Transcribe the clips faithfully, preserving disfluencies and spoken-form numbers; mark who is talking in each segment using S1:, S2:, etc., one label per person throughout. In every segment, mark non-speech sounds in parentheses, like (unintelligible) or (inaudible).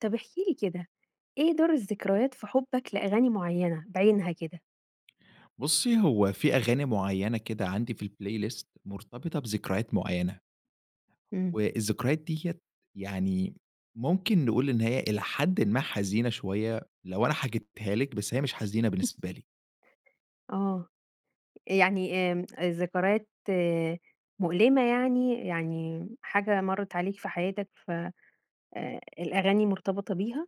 S1: طب احكِ لي كده، إيه دور الذكريات في حُبك لأغاني معيّنة بعينها كده؟
S2: بُصّي، هو في أغاني معيّنة كده عندي في الplaylist مرتبطة بذكريات معيّنة.
S1: إمم.
S2: والذكريات دِيَّة يعني ممكن نقول إن هي إلى حدٍ ما حزينة شويّة لو أنا حكيتها لِك، بس هي مش حزينة
S1: (laughs)
S2: بالنسبة لي.
S1: آه، يعني آمم، ذكريات مؤلِمة يعني. يعني حاجة مرّت عليك في حياتك، ف آآ الأغاني مرتبطة بيها؟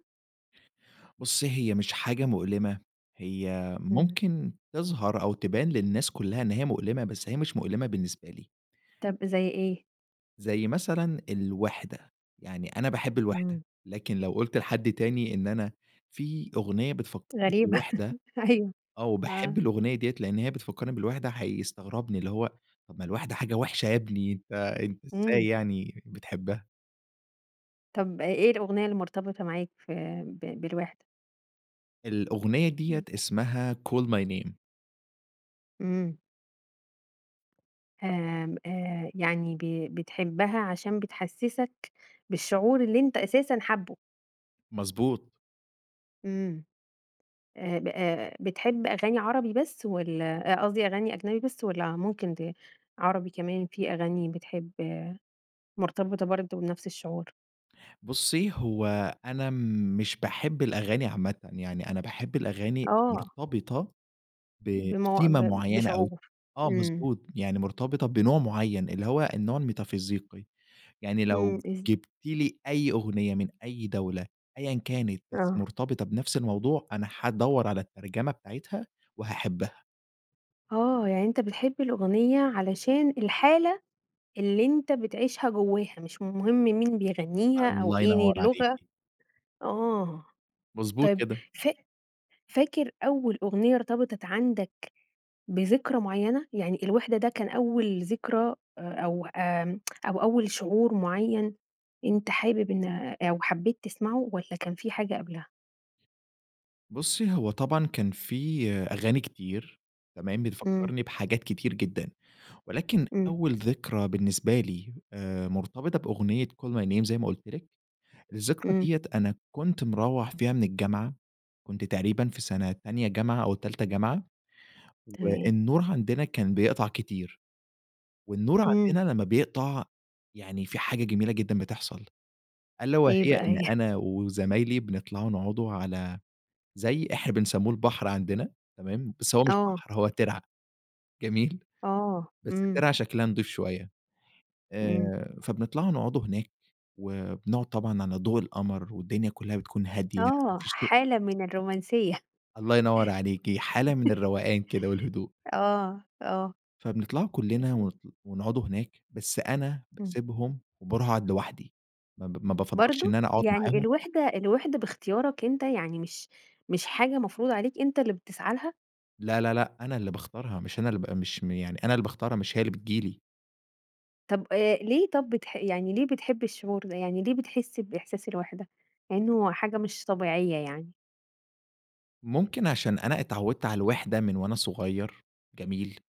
S2: بُصّي، هي مش حاجة مؤلِمة، هي
S1: إمم.
S2: ممكن تظهر أو تبان للناس كُلّها إن هي مؤلِمة بس هي مش مؤلِمة بالنسبة لي.
S1: طَب زي إيه؟
S2: زي مثلًا الوِحدة. يعني أنا باحب الوِحدة،
S1: إمم.
S2: لكن لو قُلت لحد تاني إن أنا في أغنية بتفكّرني
S1: غريبة
S2: بالوِحدة،
S1: (laughs) أيوه
S2: آه
S1: آه.
S2: وباحب الأغنية دِيَّة لأن هي بتفكّرني بالوِحدة، هيستغربني. اللي هو، طَب ما الوِحدة حاجة وِحشة يا ابني، أنت أنت إزاي
S1: إمم.
S2: يعني بتحبها؟!
S1: طب أ إيه الأغنية المرتبطة معاك ف ب بالوحدة؟
S2: الأغنية دِيَّة
S1: (unintelligible)
S2: اسمها call my name.
S1: إمم. آمم، آآ، يعني ب بتحبها عشان بتحسسك بالشعور اللي أنت أساسًا حابه؟
S2: مضبوط.
S1: إمم، آآ، ب آآ، بتحب أغاني عربي بس والّا أ قصدي أغاني أجنبي بس والّا ممكن دى عربي كمان في أغاني بتحب مرتبطة برضو بنفس الشعور؟
S2: بُصي، هو أنا مش باحب الأغاني عامةً، يعني أنا باحب الأغاني
S1: آه.
S2: المرتبطة
S1: بم ب
S2: بثيمة معيّنة أو
S1: بشعور.
S2: آه،
S1: إمم.
S2: مضبوط، يعني مرتبطة بنوع معيّن اللي هو النوع الميتافيزيقي، يعني
S1: إمم.
S2: لو
S1: إز
S2: جبتِ لي أي أغنية من أي دولة أيًا كانت بس
S1: آه.
S2: مرتبطة بنفس الموضوع، أنا هادوّر على الترجمة بتاعتها وهاحبها.
S1: آه، يعني أنت بتحب الأغنية علشان الحالة اللي أنت بتعيشها جوّاها، مش مهم مين بيغنيها أو
S2: الله
S1: إيه
S2: ينور
S1: اللغة.
S2: عليكِ.
S1: آه،
S2: مضبوط
S1: طيّب
S2: كده.
S1: فا فاكر أوّل أغنية ارتبطت عندك بذكرى معيّنة؟ يعني الوحدة ده كان أوّل ذكرى أ أو آمم، (tsk) أو أوّل شعور معيّن أنت حابب إن أو حبّيت تسمعه والّا كان في حاجة قبلها؟
S2: بُصّي، هو طبعًا كان في أغاني كتير تمام؟
S1: إمم.
S2: بتفكرني بحاجات كتير جدًا، ولكن
S1: إمم.
S2: أوّل ذكرى بالنسبة لي آآ، مرتبطة بأغنية call my name زي ما قلت لِك الذكرى
S1: إمم.
S2: دِيَّة أنا كنت مروح فيها من الجامعة، كنت تقريبًا في سنة تانية جامعة أو تالتة جامعة،
S1: تمام.
S2: والنور عندنا كان بيقطع كتير. والنور
S1: إمم.
S2: عندنا لمّا بيقطع يعني في حاجة جميلة جدًا بتحصل، ألا وهي
S1: إيه بقى
S2: إن
S1: هي؟ (chuckles)
S2: أنا وزمايلي بنطلع نقعد على زي إحنا بنسميه البحر عندنا تمام؟ بس هو مش
S1: آه.
S2: بحر هو ترعة جميل؟
S1: آه،
S2: بس
S1: إمم.
S2: ترعة شكلها نضيف شويّة.
S1: إمم.
S2: آآ، فبنطلع نقعد هناك وبنقعد طبعًا على ضوء القمر، والدنيا كلّها بتكون هادية ما
S1: آه،
S2: فيش (unintelligible)
S1: حالة من الرومانسية.
S2: الله ينور عليكِ، حالة من
S1: (chuckles)
S2: الروقان كده والهدوء.
S1: آه، آه.
S2: فبنطلع كلنا
S1: مفهوم.
S2: و ونقعد هناك بس أنا
S1: إمم.
S2: باسيبهم وباروح اقعد لوحدي، ما ب ما بافضلش إن
S1: برضو!
S2: أنا أقعد
S1: يعني
S2: معاهم
S1: الوحدة الوحدة باختيارك أنت، يعني مش مش حاجة مفروضة عليك أنت اللي بتسعى لها؟
S2: لا، لا، لأ، أنا اللي باختارها مش أنا اللي ب مش مي يعني أنا اللي باختارها مش هي اللي بتيجي لي.
S1: طب آآ، ليه طب بتح يعني ليه بتحب الشعور ده، يعني ليه بتحس بإحساس الوحدة، لأنه حاجة مش طبيعية يعني؟
S2: ممكن عشان أنا اتعودت على الوِحدة من وأنا صغير جميل،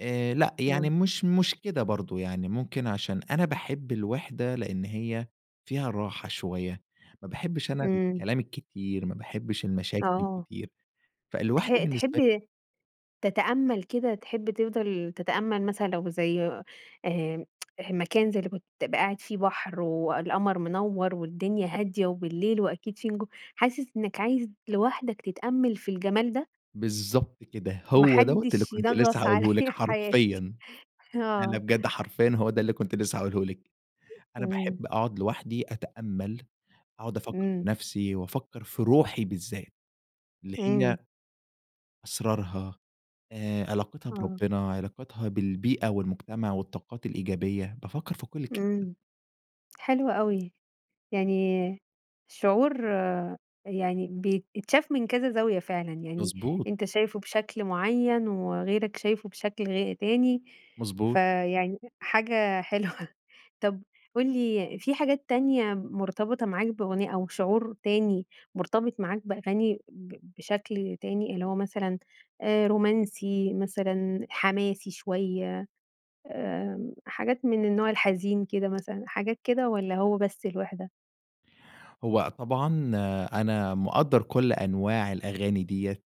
S2: آآ، لأ، يعني
S1: إمم.
S2: مش مش كده برضو، يعني ممكن عشان أنا باحب الوِحدة لأن هي فيها راحة شوية، ما باحبش أنا
S1: إمم.
S2: الكلام الكتير، ما باحبش المشاكل
S1: آه.
S2: الكتير، فالوِحدة
S1: تح
S2: بالنسبة لي
S1: تحب تتأمل كده، تحب تفضل تتأمل مثلًا لو زي آآ، (tsk) مكان زي اللي كنت تبقى قاعد في بحر والقمر منوّر والدنيا هادية وبالليل وأكيد في نِجو حاسس إنك عايز لوحدك تتأمل في الجمال ده؟
S2: بالضبط كده،
S1: ما
S2: هو دوّة اللي
S1: حدش
S2: كنت لسه
S1: ينغص عليَّ
S2: هاقوله لِك
S1: حياتي
S2: حرفيًا. لأ، لأ،
S1: آه.
S2: بجد حرفيًا هو ده اللي كنت لسه هاقولهُ لِك، أنا
S1: إمم.
S2: باحب أقعد لوحدي أتأمل، أقعد أفكر في
S1: إمم.
S2: نفسي وأفكر في روحي بالذات، اللي
S1: إمم.
S2: هي أسرارها آآ، علاقتها
S1: آه.
S2: بربّنا، علاقتها بالبيئة والمجتمع والطاقات الإيجابية، بافكر في كل الكلام ده.
S1: إمم، حلو أوي، يعني شعور يعني بيتشاف من كذا زاوية فعلًا يعني،
S2: مضبوط.
S1: أنت شايفه بشكل معيّن، وغيرك شايفه بشكل غي تاني
S2: مضبوط.
S1: فيعني حاجة حلوة طب قُل لي في حاجات تانية مرتبطة معاك بأغنية أو شعور تاني مرتبط معاك بأغاني ب بشكل تاني، اللي هو مثلًا آآ، رومانسي مثلًا حماسي شوية آآ، حاجات من النوع الحزين كده مثلًا حاجات كده والّا هو بس الوِحدة؟
S2: هو طبعًا أنا مقدر كل أنواع الأغاني ديّة،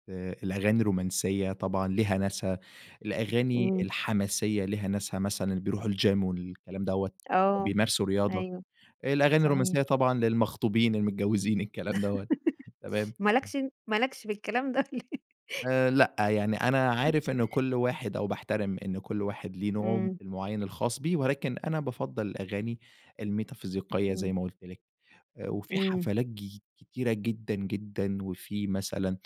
S2: الأغاني الرومانسيّة طبعًا ليها ناسها، الأغاني
S1: إمم.
S2: الحماسية ليها ناسها مثلًا بيروحوا الgym والكلام دوّة،
S1: آه،
S2: بيمارسوا رياضة.
S1: أيوه،
S2: الأغاني الرومانسيّة
S1: صحيح.
S2: طبعًا للمخطوبين المتجوزين الكلام دَوَّة تمام؟
S1: (laughs) ما لكش ما لكش بالكلام ده (laughs)
S2: آآ، لأ، يعني أنا عارف إنّه كل واحد أو باحترم إن كل واحد ليه نوعه
S1: إمم.
S2: المعيّن الخاص بيه، ولكن أنا بافضل الأغاني الميتافيزيقية زي
S1: إمم.
S2: ما قلت لِك. وفي
S1: إمم.
S2: حفلات ج كتيرة جدًا، جدًا، وفي مثلًا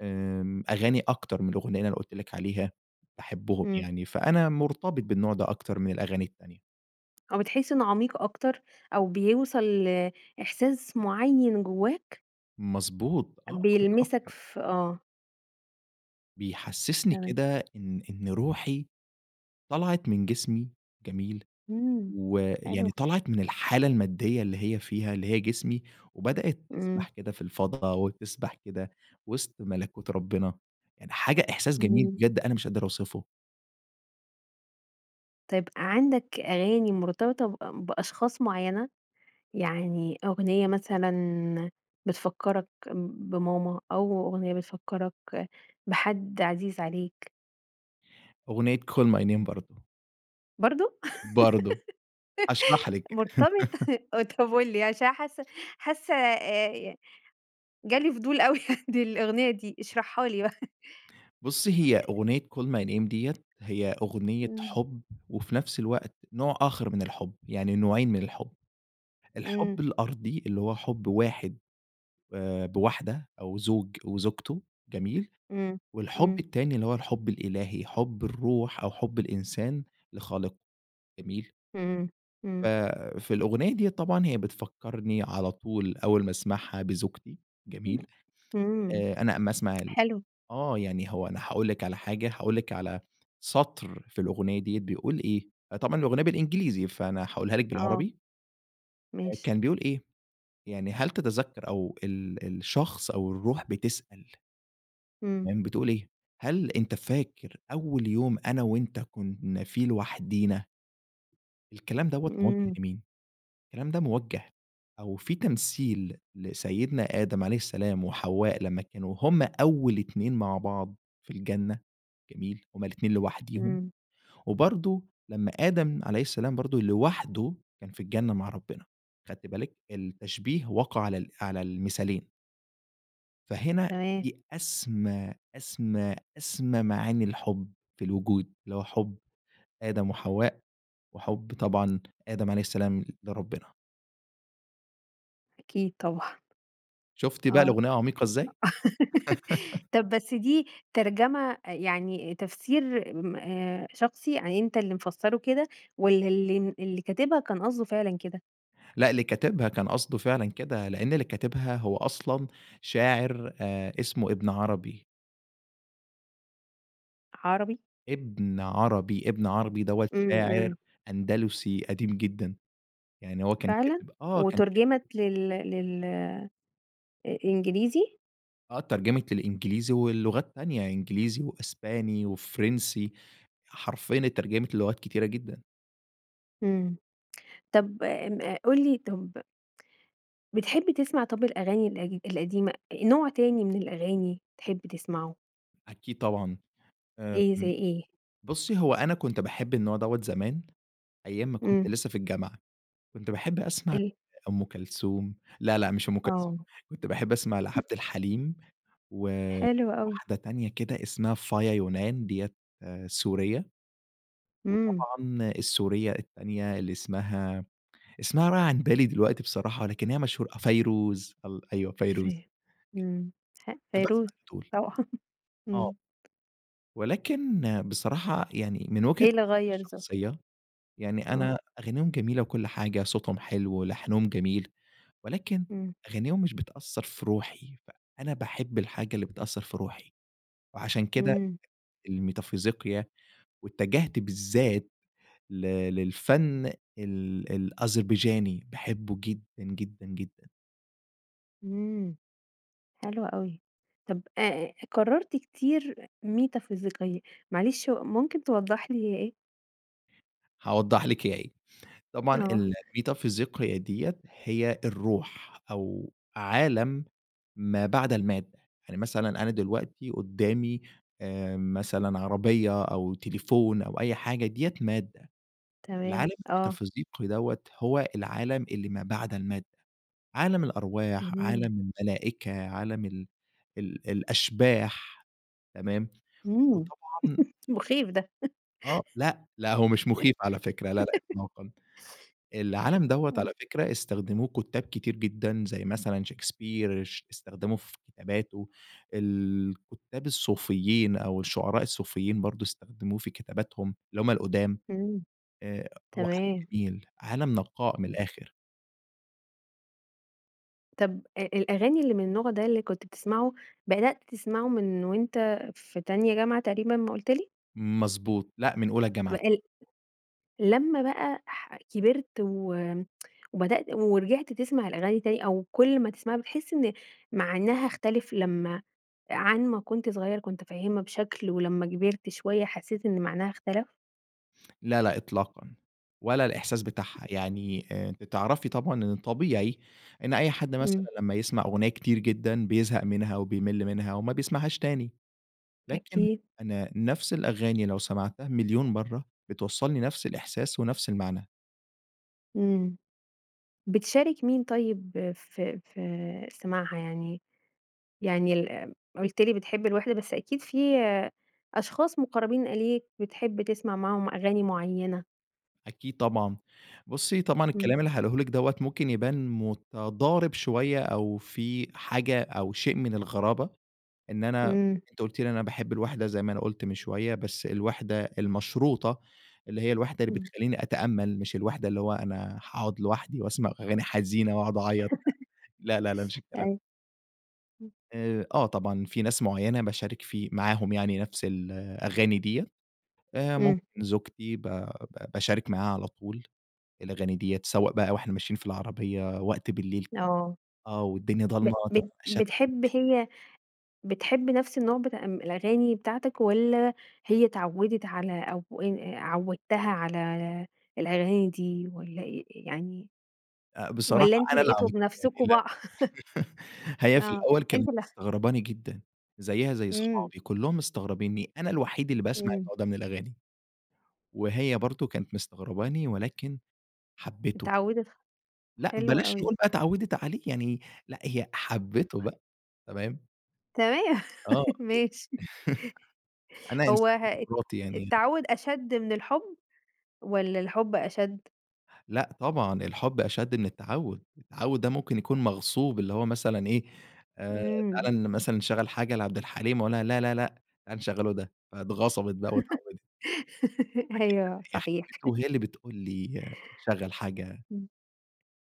S2: آمم، أغاني أكتر من الأغنية اللي أنا قلت لك عليها باحبهم
S1: إمم.
S2: يعني، فأنا مرتبط بالنوع ده أكتر من الأغاني التانية.
S1: أو بتحس إنّه عميق أكتر أو بيوصل ل إحساس معيّن جوّاك؟
S2: مضبوط، آه، عميق
S1: بيلمسك
S2: أكتر.
S1: ف آه.
S2: بيحسسني
S1: تمام.
S2: كده إن إن روحي طلعت من جسمي جميل؟
S1: إمم.
S2: ويعني
S1: حلوة.
S2: طلعت من الحالة المادية اللي هي فيها، اللي هي جسمي، وبدأت
S1: إمم.
S2: تسبح كده في الفضا وتسبح كده وسط ملكوت ربنا. يعني حاجة إحساس جميل
S1: إمم.
S2: بجد أنا مش أقدر أوصفه.
S1: طيب عندك أغاني مرتبطة ب بأشخاص معيّنة؟ يعني أغنية مثلًا بتفكرك بماما أو أغنية بتفكرك بحد عزيز عليك؟
S2: أغنية Call my name برضو.
S1: برضو؟
S2: برضو، هأشرح
S1: (laughs)
S2: لِك.
S1: مرتبط؟
S2: (laughs)
S1: طب قُل لي عشان أنا حاسّة حاسّة آآ، جالي فضول أوي دى الأغنية دي اشرحها لي بقى.
S2: بصي هي
S1: (chuckles)
S2: أغنية Call my name دِيَّة هي أغنية
S1: إمم.
S2: حب، وفي نفس الوقت نوع آخر من الحب يعني نوعين من الحب، الحب
S1: إمم.
S2: الأرضي اللي هو حب واحد آآ، بواحدة أو زوج وزوجته جميل؟
S1: إمم.
S2: والحب
S1: إمم.
S2: التاني اللي هو الحب الإلهي، حب الروح أو حب الإنسان لخالقه جميل؟
S1: إمم.
S2: ف
S1: إمم.
S2: في الأغنية ديّة طبعًا هي بتفكرني على طول أوّل ما أسمعها بزوجتي،
S1: إمم.
S2: جميل؟
S1: إمم.
S2: آآ، أنا أما أسمع ال
S1: حلو.
S2: آه، يعني هو أنا هاقول لِك على حاجة، هاقول لِك على سطر في الأغنية دي بيقول إيه، طبعًا الأغنية بالإنجليزي فأنا هاقولها لِك
S1: آه.
S2: بالعربي.
S1: ماشي.
S2: كان بيقول إيه؟ يعني هل تتذكر؟ أو ال الشخص أو الروح بتسأل. (unintelligible)
S1: إمم.
S2: بتقول إيه؟ هل أنت فاكر أوّل يوم أنا وأنت كنّا فيه لوحدينا. الكلام دوَّة موجه
S1: إمم.
S2: لمين؟ الكلام ده موجه أو في تمثيل لسيدنا آدم عليه السلام وحواء لمّا كانوا هم أوّل اتنين مع بعض في الجنة جميل؟ همّ الاتنين لوحديهم،
S1: إمم.
S2: وبرضو لمّا آدم عليه السلام برضو لوحده كان في الجنة مع ربنا. خدتِ بالك التشبيه وقع على على المثالين. فهنا
S1: تمام.
S2: دي أسمى، أسمى، أسمى، معاني الحب في الوجود اللي هو حب آدم وحواء، وحب طبعًا آدم عليه السلام لربنا.
S1: أكيد طبعًا.
S2: شُفتِ بقى
S1: آه.
S2: الأغنية عميقة إزاي؟
S1: (laughs)
S2: (laughs)
S1: طب بس دي ترجمة آآ يعني تفسير م آآ، شخصي يعني أنت اللي مفسره كده؟ والّا اللي اللي كاتبها كان قصده فعلًا كده؟
S2: لأ اللي كاتبها كان قصده فعلًا كده، لأن اللي كاتبها هو أصلًا شاعر آآ اسمه ابن عربي.
S1: عربي؟
S2: ابن عربي، ابن عربي دوة
S1: إمم.
S2: شاعر
S1: إمم.
S2: أندلسي قديم جدًا، يعني هو كان
S1: فعلًا!
S2: كاتب آه، كان
S1: وتُرجِمت
S2: كاتب
S1: لل لل إنجليزي؟
S2: آه، اترجمت للإنجليزي وللغات تانية إنجليزي وأسباني وفرنسي، حرفيًا اترجمت للغات كتيرة جدًا.
S1: إمم. طب م قُل لي طب بتحب تسمع طب الأغاني القد القديمة، نوع تاني من الأغاني تحب تسمعه؟
S2: أكيد طبعًا،
S1: إيه، زي
S2: آمم،
S1: إيه؟
S2: بصي هو أنا كنت باحب النوع دوة زمان أيام ما كنت
S1: إمم.
S2: لسه في الجامعة، كنت باحب أسمع
S1: ال
S2: أم كلثوم لا، لأ، مش أم كلثوم،
S1: آه.
S2: كنت باحب أسمع
S1: (chuckles)
S2: لعبد الحليم و
S1: حلو أوي.
S2: واحدة تانية كده إسمها فايا يونان دية سورية.
S1: إمم.
S2: وطبعًا السورية التانية اللي اسمها اسمها رايح عن بالي دلوقتي بصراحة لكن هي مشهورة فيروز، ال أيوه
S1: فه
S2: فيروز.
S1: ام ه
S2: كنت باسمع
S1: فيروز
S2: لدول.
S1: طبعًا (laughs)
S2: آه.
S1: إمم.
S2: ولكن بصراحة يعني من وجهة
S1: إيه اللي
S2: نظري
S1: غير ذوقك؟
S2: الشخصية، يعني
S1: آه.
S2: أنا أغانيهم جميلة وكل حاجة، صوتهم حلو ولحنهم جميل، ولكن
S1: إمم.
S2: أغانيهم مش بتأثر في روحي، فأنا باحب الحاجة اللي بتأثر في روحي، وعشان كده
S1: إمم.
S2: الميتافيزيقيا، واتجهت بالذات ل للفن ال الأذربيجاني باحبه جدًا، جدًا، جدًا.
S1: آمم. حلو أوي، طب آآ، كررت كتير ميتافيزيقية، معلش ممكن توضح لي هي إيه؟
S2: هاوضح لِك هي إيه. طبعًا
S1: آه.
S2: الميتافيزيقية دِيَّة هي الروح أو عالم ما بعد المادة. يعني مثلًا أنا دلوقتي قدّامي آآ، مثلًا عربيّة أو تليفون أو أي حاجة دِيَّة مادة،
S1: تمام،
S2: العالم
S1: آه.
S2: الميتافيزيقي دَوَّة هو العالم اللي ما بعد المادة. عالم الأرواح
S1: (unintelligible)
S2: عالم الملائكة عالم ال ال الأشباح تمام؟
S1: إمم،
S2: وطبعًا
S1: (laughs) مخيف ده.
S2: آه، لأ، لا، هو مش مخيف على فكرة لا، لا،
S1: (laughs)
S2: إطلاقًا. العالم دَوَّة
S1: آه.
S2: على فكرة استخدموه كتاب كتير جدًا زي مثلًا شيكسبير اش استخدمه في كتاباته، الكتّاب الصوفيين أو الشعراء الصوفيين برضو استخدموه في كتاباتهم، اللي هم القدَام.
S1: إمم،
S2: آآ، هو عالم
S1: تمام.
S2: جميل، عالم نقاء من
S1: إمم.
S2: الآخر.
S1: طب آآ، الأغاني اللي من النوع ده اللي كنت بتسمعه، بدأت تسمعه من وأنت في تانية جامعة تقريبًا ما قلت لي؟
S2: مضبوط، لأ، من أولى جامعة.
S1: بال لمّا بقى ح كبرت و (tsk) وبدأت ورجعت تسمع الأغاني تاني أو كل ما تسمعها بتحس إن معناها اختلف لمّا عن ما كنت صغير كنت فاهمها بشكل ولما كبرت شوية حسيت إن معناها اختلف؟
S2: لا، لأ، إطلاقًا، ولا الإحساس بتاعها يعني آآ، بتعرفي طبعًا إن طبيعي إن أي حد مثلًا
S1: إمم.
S2: لما يسمع أغنية كتير جدًا بيزهق منها وبيمل منها وما بيسمعهاش تاني، لكن
S1: أكيد.
S2: أنا نفس الأغاني لو سمعتها مليون مرة بتوصلني نفس الإحساس ونفس المعنى.
S1: إمم، بتشارك مين طيب في في سماعها يعني؟ يعني ال قلت لي بتحب الوحدة بس أكيد في أشخاص مقربين إليك بتحب تسمع معاهم أغاني معينة.
S2: أكيد طبعًا، بصي طبعًا
S1: إمم.
S2: الكلام اللي هاقوله لِك دوّة ممكن يبان متضارب شوية أو في حاجة أو شيء من الغرابة، إن أنا
S1: إمم.
S2: أنتِ قلتِ لي أنا باحب الوِحدة زي ما أنا قلت من شوية، بس الوِحدة المشروطة، اللي هي الوِحدة اللي
S1: إمم.
S2: بتخليني أتأمل، مش الوِحدة اللي هو أنا هاقعد لوحدي وأسمع أغاني حزينة واقعد أعيط، لا، لا، لا، ما فيش
S1: (laughs)
S2: الكلام ده.
S1: أيوه. إمم.
S2: آآ، آه، طبعًا في ناس معينة باشارك في معاهم يعني نفس الأغاني ديّة آآ،
S1: إمم.
S2: ممكن زوجتي ب ب باشارك معاها على طول الأغاني ديّة، سواء بقى وإحنا ماشيين في العربية وقت بالليل (unintelligible)
S1: آه.
S2: آه، والدنيا
S1: ب
S2: ضلمة
S1: بت بتحب
S2: (unintelligible)
S1: هي بتحب نفس النوع بتاع إم الأغاني بتاعتك والّا هي اتعودت على أو إ عودتها على الأغاني دي والّا إ يعني،
S2: آآ، بصراحة
S1: والّا أنتم
S2: أنا
S1: لقيتوا
S2: (unintelligible)
S1: بنفسكم
S2: (chuckles)
S1: (unintelligible)
S2: هي
S1: (chuckles)
S2: في
S1: آه،
S2: الأول
S1: أنت
S2: كانت
S1: ال
S2: مستغرباني جدًا، زيها زي
S1: إمم.
S2: أصحابي كلهم مستغربينّي، أنا الوحيد اللي باسمع
S1: إمم.
S2: النوع ده من الأغاني. وهي برضو كانت مستغرباني ولكن حبته.
S1: اتعودت خ
S2: لا
S1: حلو
S2: بلاش
S1: أوي.
S2: نقول بقى اتعودت عليه، يعني لا، هي حبته بقى، تمام.
S1: تمام
S2: آه،
S1: (laughs)
S2: أكيد،
S1: ماشي.
S2: (chuckles)
S1: (laughs)
S2: أنا
S1: هو
S2: إنسان
S1: ها
S2: ديموقراطي يعني
S1: التعود أشد من الحب، والّا الحب أشد؟
S2: لا، طبعًا، الحب أشد من التعود، التعود ده ممكن يكون مغصوب، اللي هو مثلًا إيه آآ،
S1: إمم.
S2: تعالى مثلًا نشغل حاجة لعبد الحليم وأقول لها لا، لا، لا، تعالي نشغلوا ده فاتغصبت بقى واتعودت.
S1: (laughs)
S2: أكيد لأ،
S1: أيوه
S2: هي اللي
S1: صحيح.
S2: حبته
S1: (laughs)
S2: وهي اللي بتقول لي شغل حاجة
S1: إمم.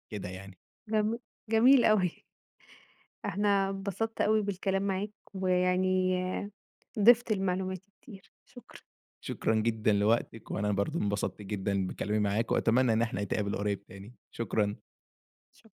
S2: كده يعني.
S1: جم جميل أوي. (chuckles) إحنا انبسطت أوي بالكلام معاك، ويعني آآ، ضفت لمعلوماتي كتير شكرًا.
S2: شكرًا جدًا لوقتك، وأنا برضو انبسطت جدًا بكلامي معاكِ، وأتمنى إن إحنا نتقابل قريب تاني، شكرًا.
S1: شكرًا.